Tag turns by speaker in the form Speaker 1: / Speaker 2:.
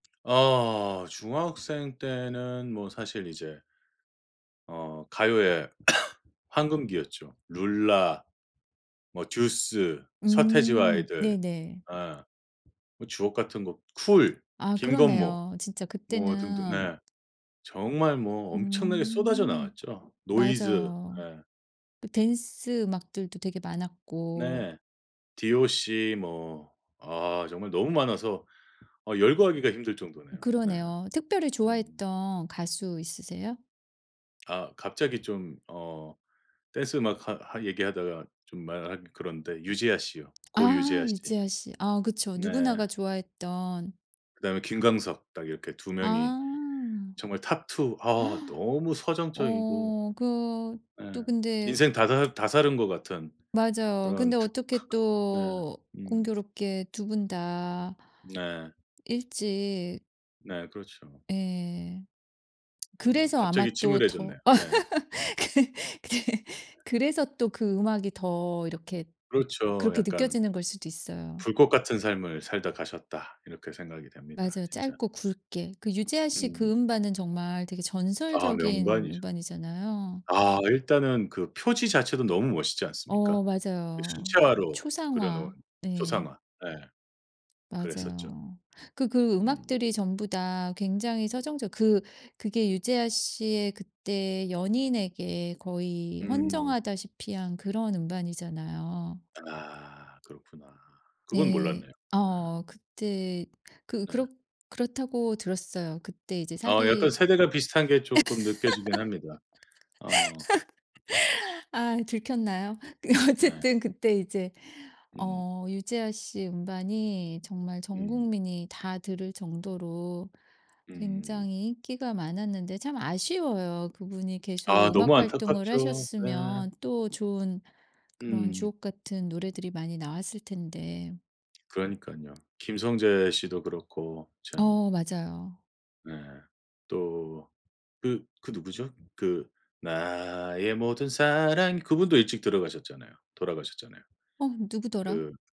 Speaker 1: 아 중학생 때는 뭐 사실 이제 어 가요의 황금기였죠. 룰라 뭐 듀스, 서태지와
Speaker 2: 음.
Speaker 1: 아이들
Speaker 2: 네네.
Speaker 1: 예. 뭐 주옥 같은 거 쿨,
Speaker 2: 아
Speaker 1: 김건모
Speaker 2: 그러네요. 진짜
Speaker 1: 뭐 등등
Speaker 2: 그때는
Speaker 1: 네. 정말 뭐 엄청나게 쏟아져
Speaker 2: 음.
Speaker 1: 나왔죠. 노이즈
Speaker 2: 맞아요.
Speaker 1: 예.
Speaker 2: 대 댄스 음악들도 되게 많았고
Speaker 1: 네. 디오씨 뭐 아 정말 너무 많아서 어 열거하기가 힘들
Speaker 2: 으
Speaker 1: 정도네요. 네.
Speaker 2: 그러네요. 특별히
Speaker 1: 음.
Speaker 2: 좋아했던 가수 있으세요?
Speaker 1: 아 갑자기 좀 어 댄스 음악 하 하 얘기하다가 좀 말하기 그런데 유재하씨요. 고
Speaker 2: 아
Speaker 1: 유재하씨.
Speaker 2: 유재하씨. 아 그쵸. 누구나가
Speaker 1: 네.
Speaker 2: 좋아했던
Speaker 1: 그 다음에 김광석 딱 이렇게 2 명이
Speaker 2: 아.
Speaker 1: 정말 탑 2 아 너무 서정적이고
Speaker 2: 어 그 또
Speaker 1: 예.
Speaker 2: 근데
Speaker 1: 인생 다 살 다 살은 것 같은
Speaker 2: 맞아요.
Speaker 1: 그런
Speaker 2: 근데 어떻게
Speaker 1: 네.
Speaker 2: 또
Speaker 1: 음.
Speaker 2: 공교롭게 2 분 다
Speaker 1: 네.
Speaker 2: 일찍
Speaker 1: 네 그렇죠.
Speaker 2: 예.
Speaker 1: 음.
Speaker 2: 그래서 아마
Speaker 1: 갑자기
Speaker 2: 또 더
Speaker 1: 침울해졌네요. 네. 네.
Speaker 2: 그 네. 그래서 또 그 음악이 더 이렇게
Speaker 1: 그렇죠.
Speaker 2: 그렇게
Speaker 1: 약간
Speaker 2: 느껴지는 거 일수도 있어요.
Speaker 1: '불꽃 같은 삶을 살다 가셨다.' 이렇게 생각이 됩니다
Speaker 2: 맞아요
Speaker 1: 진짜.
Speaker 2: 짧고 굵게. 그 유재하씨
Speaker 1: 음.
Speaker 2: 그 음반은 정말 되게
Speaker 1: 아
Speaker 2: 전설적인
Speaker 1: 명반이죠.
Speaker 2: 음반이잖아요.
Speaker 1: 아 일단은 그 표지 자체도 너무 멋있지 않습니까?
Speaker 2: 어
Speaker 1: 그
Speaker 2: 맞아요. 그
Speaker 1: 수채화로 그려놓은
Speaker 2: 초상화. 네.
Speaker 1: 초상화. 예. 그랬었죠.
Speaker 2: 맞아요. 그 그
Speaker 1: 음.
Speaker 2: 음악들이 전부 다 굉장히 서정적 그 그게 유재하씨의 그때 연인에게 거의
Speaker 1: 음.
Speaker 2: 헌정하다시피 한 그런 음반이잖아요.
Speaker 1: 아 그렇구나. 그건
Speaker 2: 네.
Speaker 1: 몰랐네요. 네.
Speaker 2: 어. 그때 그
Speaker 1: 네.
Speaker 2: 그렇 그렇다고 들었어요. 그때 이제
Speaker 1: 어 약간
Speaker 2: 사기
Speaker 1: 세대가 비슷한 게 쪼끔 느껴지긴 합니다. 어.
Speaker 2: 아 들켰나요?
Speaker 1: 네.
Speaker 2: 어쨌든 그때 이제
Speaker 1: 음.
Speaker 2: 어 유재하 씨 음반이 정말 전
Speaker 1: 음.
Speaker 2: 국민이 다 들을 정도로
Speaker 1: 음.
Speaker 2: 굉장히 인기가 많았는데 참 아쉬워요. 그분이
Speaker 1: 아
Speaker 2: 계속
Speaker 1: 너무
Speaker 2: 음악 활동을
Speaker 1: 안타깝죠. 네.
Speaker 2: 하셨으면 또 좋은 그런
Speaker 1: 음.
Speaker 2: 주옥같은 노래들이 많이 나왔을텐데.
Speaker 1: 그러니깐요. 김성재 씨도 그렇고 참
Speaker 2: 어 맞아요.
Speaker 1: 네. 또 그 그 누구죠? 그 나의 모든 사랑 그 분도 일찍 들어가셨잖아요 돌아가셨잖아요.
Speaker 2: 어 누구더라?
Speaker 1: 그